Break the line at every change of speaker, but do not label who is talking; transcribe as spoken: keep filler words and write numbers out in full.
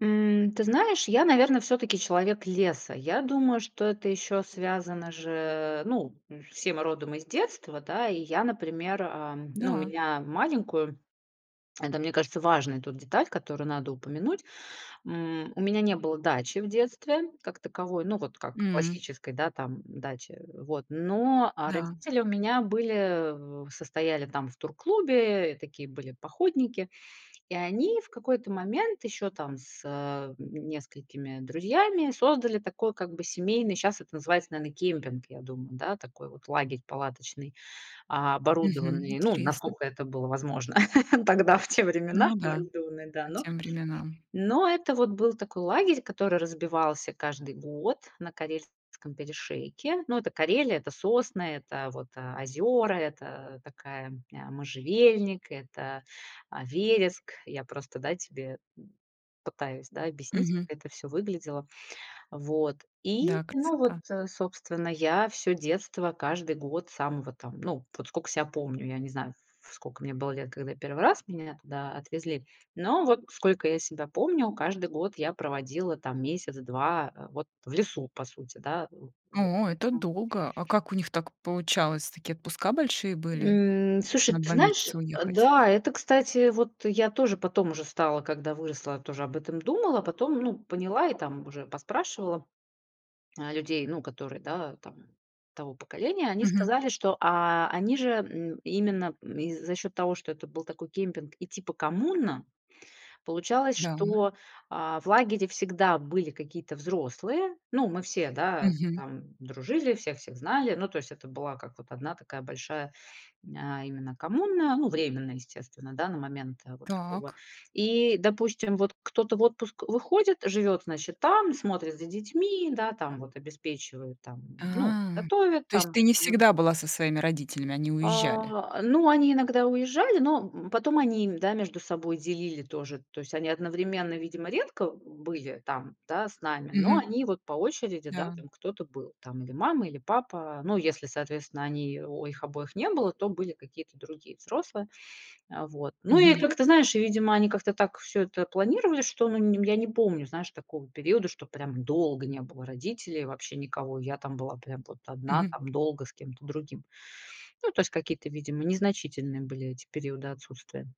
М, ты знаешь, я, наверно, всё-таки человек леса. Я думаю, что это ещё связано же, ну, э, все мы родом из детства. Да, и я, например, а, ну,
Да.
меня маленькую, это, мне кажется, важная тут деталь, которую надо упомянуть. М, у меня не было дачи в детстве как таковой. Ну, вот как
М.
классической, да, там, м, дачи. Вот. Но, а,
Да.
родители у меня были в состояли там в турклубе. И такие были походники. И они в какой-то момент ещё там с, э, м, несколькими друзьями создали такой как бы семейный, щас это называется, наверно, кемпинг, я думаю. Да, такой вот лагерь палаточный, а,
Мгм,
оборудованный, ну,
интересно.
насколько это было возможно тогда, в те времена,
Ну да,
да,
по
но
тем временам.
но это вот был такой лагерь, который разбивался каждый год на Карельском перешейке. Ну, это Карелия, это сосны, это вот, э, озера, это такая, м, а, можжевельник, это, а, вереск. Я просто, да, тебе, м, пытаюсь, да, объяснить,
Мгм.
как это всё выглядело. Вот, и,
Да,
ну, вот,
красота.
э, собственно, я всё детство, каждый год с самого там, ну, вот сколько ся помню. Я не знаю, в сколько мне было лет, когда я первый раз меня туда отвезли. Но вот сколько я себя помню, каждый год я проводила там месяц-два, а, вот, э, в лесу, по сути, да, в вот,
О, это
поэтому
долго. А как у них так получалось? Такие отпуска большие были,
М.
чтоб
Слушай,
на
ты
два
знаешь,
месяца
э,
уехать?
да, это, кстати, вот я тоже потом уже стала, когда выросла, тоже об этом думала, потом, ну, поняла и там уже поспрашивала, а, людей, ну, которые, да, там того поколения, они
Мгм.
сказали, что, а, они же, м, именно, м, и за счёт того, что это был такой кемпинг и, типа, коммуна, получалось,
Да.
что, а, в лагере всегда были какие-то взрослые. Ну, мы все, да,
Мгм.
там дружили, все всех знали. Ну, то есть это была как вот одна такая большая, ня именно коммуна. Ну, временная, естественно, да, на момент, э, вот такого.
Так.
И, допустим, вот кто-то вот в отпуск выходит, живёт, значит, там, смотрит за детьми, да, там, вот, обеспечивает, там, ну,
А,
готовит
то есть
там,
ты не
мгм.
всегда была со своими родителями, они уезжали?
А, ну, они иногда уезжали, но, м, потом они, м, да, между собой делили тоже. То есть они одновременно, видимо, редко были там, да, с нами, но
Мгм.
они вот по очереди, да,
Да.
там кто-то был, там, или мама, или папа. Но если, соответственно, они о их обоих не было, то были какие-то другие взрослые. А, вот. Ну и
Мгм.
как-то, знаешь, и, видимо, они как-то так всё это планировали, что, ну, я не помню, знаешь, такого периода, что прям долго не было родителей, вообще никого. И я там была прям вот одна
Мгм.
там долго с кем-то другим. Ну, то есть какие-то, видимо, незначительные были эти периоды отсутствия.